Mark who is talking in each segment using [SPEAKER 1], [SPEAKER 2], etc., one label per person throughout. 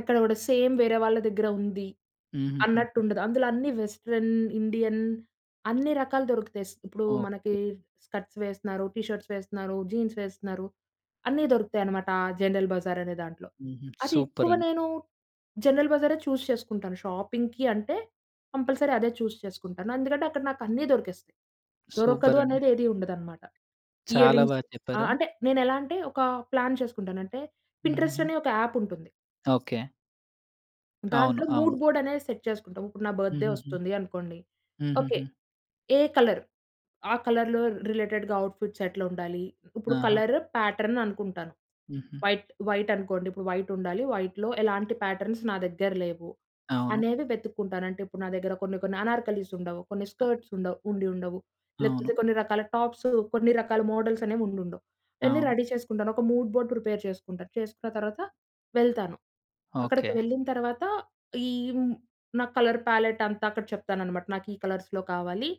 [SPEAKER 1] అక్కడ గూడా సేమ్ వేరే వాళ్ళ దగ్గర ఉంది అన్నట్టు
[SPEAKER 2] హుహుహుహు.
[SPEAKER 1] ఉండదు. అందులో అన్నీ వెస్టర్న్, ఇండియన్ అన్ని రకాలు దొరుకుతాయి. స్ ఇప్పుడు మనకి
[SPEAKER 2] ఓకే.
[SPEAKER 1] స్కర్ట్స్ వేస్తున్నారు, టీ షర్ట్స్ వేస్తున్నారు, జీన్స్ వేస్తున్నారు అన్నీ దొరుకుతాయనమాట. ఆ జనరల్ బజార్ అనే దాంట్లో.
[SPEAKER 2] హుహు.
[SPEAKER 1] అది ఎక్కువ
[SPEAKER 2] సూపరండి.
[SPEAKER 1] నేను జనరల్ బజారే చూజ్ చేసుకుంటాను. షాపింగ్‌కి అంటే కంపల్సరీ అదే చూజ్ చేసుకుంటాను. ఎందుకంటే అక్కడ నాకు అన్నీ దొరికేస్తాయి. దొరకదు
[SPEAKER 2] సూపరండి.
[SPEAKER 1] అనేది ఏది ఉండదనమాట. ఇయర్
[SPEAKER 2] చాలా బా
[SPEAKER 1] రింగ్స్
[SPEAKER 2] చెప్పారు.
[SPEAKER 1] ఆహ్, అంటే నేనేలా అంటే ఒక ప్లాన్ చేసుకుంటాను. అంటే పిన్‌ట్రస్ట్
[SPEAKER 2] హుహుహు.
[SPEAKER 1] అనే ఒక యాప్ ఉంటుంది.
[SPEAKER 2] ఓకే. అవును.
[SPEAKER 1] దాంట్లో
[SPEAKER 2] అవును.
[SPEAKER 1] మూడ్ బోర్డ్ అనేది సెట్ చేసుకుంటా. ఇప్పుడు నా బర్త్‌డే
[SPEAKER 2] హుహుహు.
[SPEAKER 1] ఒస్తుంది అనుకోండి ఓకే.
[SPEAKER 2] హుహుహు.
[SPEAKER 1] ఏ కలర్? ఆ కలర్‌లో రిలేటెడ్‌గా అవుట్‌ఫిట్స్ ఎట్లుండాలి? ఇప్పుడు
[SPEAKER 2] ఆహా!
[SPEAKER 1] కలర్ ప్యాటర్న్ అనుకుంటాను.
[SPEAKER 2] హుహు.
[SPEAKER 1] వైట్, వైట్ అనుకోండి. ఇప్పుడు వైట్ ఉండాలి, వైట్‌లో ఎలాంటి ప్యాటర్న్‌స్ నా దగ్గర లేవు?
[SPEAKER 2] అవును.
[SPEAKER 1] అనేవి వెతుక్కుంటాను అంటే ఇప్పుడు నా దగ్గర కొన్ని కొన్ని అనార్కలిస్ ఉండవు, కొన్ని
[SPEAKER 2] అవును.
[SPEAKER 1] స్కర్ట్స్ ఉండవు, ఉండి ఉండవు.
[SPEAKER 2] అవును.
[SPEAKER 1] లేకపోతే కొన్ని రకాల టాప్స్, కొన్ని రకాల మోడల్స్ అనేవి ఉండి ఉండవు. ఇయన్నీ
[SPEAKER 2] అవును.
[SPEAKER 1] రెడీ చేసుకుంటాను ఒక మూడ్ బోర్డ్ ప్రిపేర్చే సుకుంటా. చేసుకున్న తర్వాత వెళ్తాను అక్కడికి
[SPEAKER 2] ఓకే.
[SPEAKER 1] వెళ్ళిన తర్వాత ఈ హ్మ్. నా కలర్ ప్యాలెట్ అంతా అక్కడ చెప్తానన్నమాట. నాకు ఈ కలర్స్‌లో కావాలి,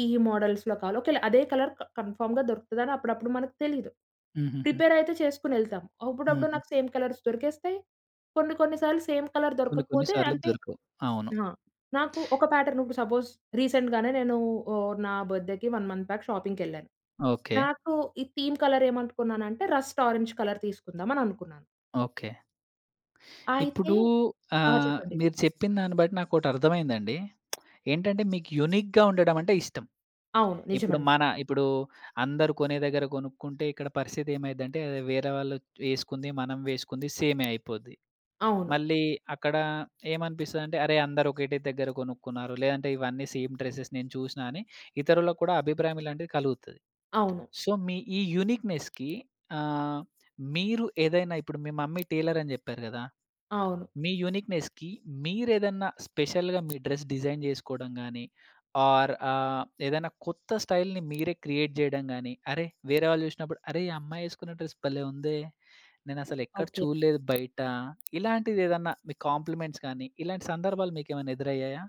[SPEAKER 1] ఈ ఈ మోడల్స్‌‌లో కావాలి ఒకేళ అదే కలర్ క కన్ఫర్మ్‌గా దొరుకుతదని అప్పుడప్పుడు మనకు తెలీదు.
[SPEAKER 2] హుహుహు.
[SPEAKER 1] ప్రిపేర్ అయితే చేసుకొనేళ్తాం. అప్పుడప్పుడు
[SPEAKER 2] హుహు.
[SPEAKER 1] నాకు సేమ్ కలర్స్ దొరికేస్తాయి, కొన్ని కొన్ని సార్లు సేమ్ కలర్
[SPEAKER 2] కొన్ని, కొన్ని
[SPEAKER 1] దొరకకపోతే
[SPEAKER 2] సార్లు
[SPEAKER 1] అంటే
[SPEAKER 2] దొరకవు. అవును.
[SPEAKER 1] ఆ! నాకు ఒక ప్యాటర్న్ ఇప్పుడు సపోజ్ రీసెంట్‌గానే నేను ఆహ్, నా బర్త్‌డేకి 1 మంత్ బ్యాక్ షాపింగ్‌కెళ్ళాను.
[SPEAKER 2] ఓకే.
[SPEAKER 1] నాకు ఈ థీమ్ కలర్ ఏమనుకున్నానంటే రస్ట్ ఆరెంజ్ కలర్ తీసుకుందాం అని అనుకున్నాను.
[SPEAKER 2] ఓకే.
[SPEAKER 1] అయితే
[SPEAKER 2] ఇప్పుడు
[SPEAKER 1] ఆ!
[SPEAKER 2] ఆహ్,
[SPEAKER 1] చెప్పండి.
[SPEAKER 2] మీరు చెప్పిన దాన్ని బట్టి నాకోటి అర్థమైందండి. ఏంటంటే మీకు యూనిక్‌గా ఉండడం అంటే ఇష్టం.
[SPEAKER 1] అవును.
[SPEAKER 2] ఇప్పుడు
[SPEAKER 1] నిజమండి.
[SPEAKER 2] మన ఇప్పుడు అందరూ కొనే దగ్గర కొనుక్కుంటే ఇక్కడ పరిస్థితేమైద్దంటే వేరే వాళ్ళు వేసుకుంది మనం వేసుకుంది సేమే అయిపోద్ది.
[SPEAKER 1] అవును.
[SPEAKER 2] మళ్ళీ అక్కడ ఏమనిపిస్తదంటే అరే! అందరూ ఒకటే దగ్గర గొనుక్కున్నారు లేదంటే ఇవన్నీ సేమ్ డ్రెసెస్ నేను చూసినా అని ఇతరులకు కూడా అభిప్రాయం ఇలాంటివి కలుగుతది.
[SPEAKER 1] అవును.
[SPEAKER 2] సో మీ ఈ యూనిక్‌నెస్‌కి ఆహ్, మీరు ఏదైనా ఇప్పుడు మీ మమ్మీ టైలర్ అని చెప్పారు గదా!
[SPEAKER 1] అవును.
[SPEAKER 2] మీ యూనిక్‌నెస్‌కి మీరేదన్నా స్పెషల్‌గా మీ డ్రెస్ డిజైన్ జేకోవడం గాని, ఓర్ ఆహ్, ఏదైనా కొత్త స్టైల్‌ని మీరే క్రియేట్ చేయడం గాని, అరె! వేరే వాళ్ళు చూశినప్పుడు అరె! ఈ అమ్మాయి వేసుకున్న డ్రెస్ భలే ఉందే! నేనసలు ఎక్కడ
[SPEAKER 1] ఓకే.
[SPEAKER 2] చూడలేదు బయట. ఇలాంటిది ఏదన్నా మీ కాంప్లిమెంట్స్ గానీ ఇలాంటి సందర్భాలు మీకు ఏమైనా ఎదురయ్యాయా?